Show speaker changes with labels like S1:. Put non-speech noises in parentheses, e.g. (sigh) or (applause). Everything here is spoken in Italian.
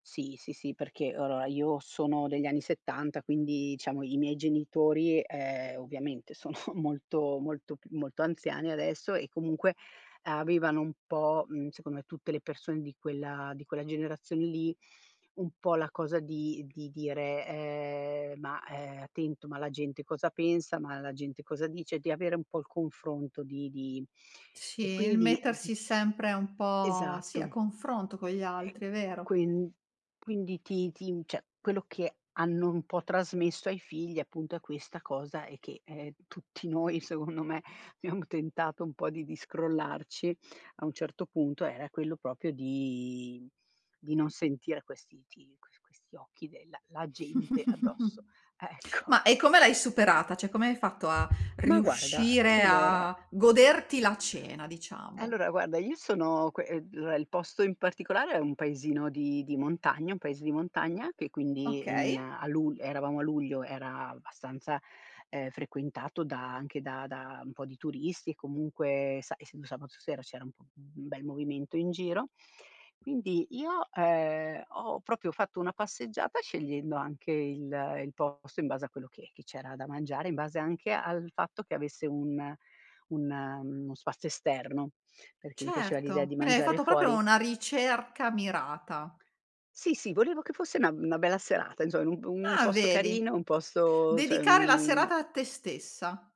S1: Sì, sì, sì, perché, allora io sono degli anni '70, quindi diciamo i miei genitori, ehm, ovviamente sono molto, molto p molto anziani adesso e comunque, avevano un po' mhmm, secondo me, tutte le persone di quella di quella generazione lì, un po' la cosa di di di dire, ehm: "Ma, ehm, attento, ma la gente cosa pensa, ma la gente cosa dice?" Di avere un po' il confronto di di
S2: Sì,
S1: e
S2: il
S1: quindi di
S2: mettersi sempre un po' sì, a
S1: Esatto.
S2: confronto con gli
S1: E
S2: altri, è vero.
S1: quin quindi, ti ti cioè quello che hanno un po' trasmesso ai figli, appunto, è questa cosa e che ehm, tutti noi, secondo me abbiamo tentato un po' di di scrollarci a un certo punto, era quello proprio di di non sentire questi ti que questi occhi della la gente addosso,
S2: (chuckles)
S1: ecco.
S2: Ma e come l'hai superata, cioè come hai fatto a
S1: Ma guarda, a
S2: riuscire
S1: allora.
S2: a goderti la cena, diciamo?
S1: Allora guarda, io sono que ehm, il posto in particolare è un paesino di di montagna un paese di montagna, che quindi in
S2: Okay.
S1: a lu eravamo a luglio, era abbastanza, ehm, frequentato da anche da da un po' di turisti, e comunque sai, essendo sabato sera, c'era un bel movimento in giro. Quindi io, ehm, ho proprio fatto una passeggiata, scegliendo anche il il posto in base a quello che che c'era da mangiare, in base anche al fatto, che avesse un un uno spazio esterno, perché mi piaceva l'idea
S2: Certo,
S1: di
S2: quindi hai
S1: mangiare
S2: fatto proprio
S1: fuori.
S2: una ricerca mirata.
S1: Sì sì, volevo che fosse una una bella serata, insomma, un p un
S2: Ah
S1: posto
S2: vedi,
S1: carino, un posto cioè
S2: dedicare la
S1: un
S2: serata a te stessa.